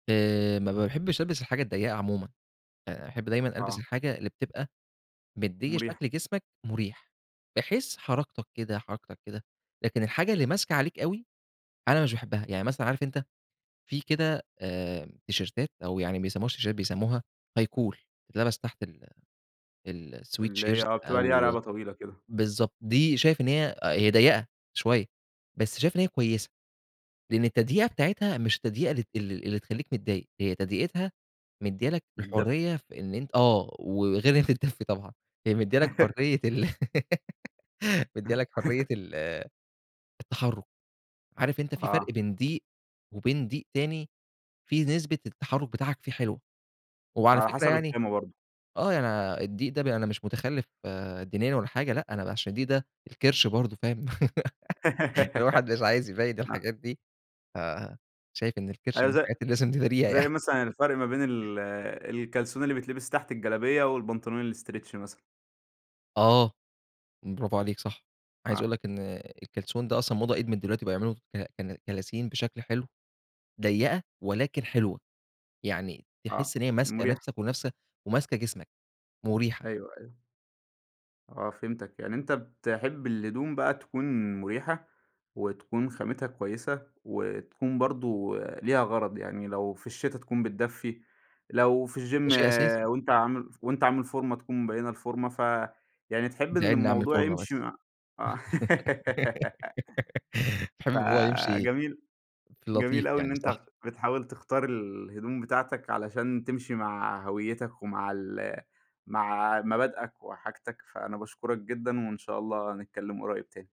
آآ ما باحبّش ألبس الحاجة الضيّقة عمومًا. باحب دايمًا ألبس آه. الحاجة اللي بتبقى مديِّة مُريح. شكل جسمك مُريح، بحيث حركتك كده، حركتك كده، لكن الحاجة اللي ماسكة عليك أوي، أنا مش باحبها. يعني مثلًا عارف أنت فيه كده آآ تيشيرتات أو يعني ما بيسمّوهاش تيشيرتات بيسمّوها high collar تتلبس تحت ال ال اللي sweatshirt هي بتبقى ليها أو رَقَبة طويلة كده. بالضبط. دي شايف إن هي هي ضيَّقة شوية، بس شايف إن هي كويسة، لإن التضييقة بتاعتها مش التضييقة ال ال اللي تخلّيك متضايق، هي تضييقتها مديِّة لك بتدفّي. الحرية في إن أنت آه. وغير إنّها تتدفّي طبعًا، هي مديِّة لك حرية ال مديِّة لك حرية ال التحرُّك. عارف أنت في فرق آه. بين ضِيق وبين ضِيق تاني، فيه نسبة التحرُّك بتاعك فيه حلوة. وعلى على فكرة حسب يعني الخامة برضه. آه. أنا الضِيق ده أنا مش مُتخلِّف دينيًا ولا حاجة لأ، أنا علشان الضِيق ده الكِرش برضه فاهم. الواحد مش عايز يبيّن م الحاجات دي. ف شايف إن الكِرش أيوه من الحاجات زي اللي لازم نداريها يعني. زي مثلًا الفرْق ما بين ال الكلسون اللي بيتلبس تحت الجلابية والبنطلون الstretch مثلًا. آه، برافو عليك صح. عايز آه. أقول لك إن الكلسون ده أصلًا موضة قِدمِت دلوقتي بقوا يعملوا ك ك كلاسين بشكل حلو، ضيّقة ولكن حلوة. يعني آه. تحِس إن هي ماسكة مُريح. نفْسك ونفس وماسكة جسمك، مُريحة. أيوه، أيوه. آه فهمتك. يعني أنت بتحب الهدوم بقى تكون مُريحة وتكون خامتها كويسة وتكون برضه ليها غَرَض. يعني لو في الشتا تكون بتدفّي، لو في ده الgym شيء أساسي. وأنت عامل وأنت عامل فورمة تكون مبيّنة الفورمة، ف يعني تحب إن ادعي لنا أعمل الموضوع فورمة يمشي بس. مع مع حابب الموضوع يمشي فجميل في اللطيف جميل أوي إن يعني، أنت صح؟ بتحاول تختار الهدوم بتاعتك علشان تمشي مع هويّتك ومع ال مع مبادئك وحاجتك. فأنا باشكُرك جدًا وإن شاء الله نتكلّم قريّب تاني.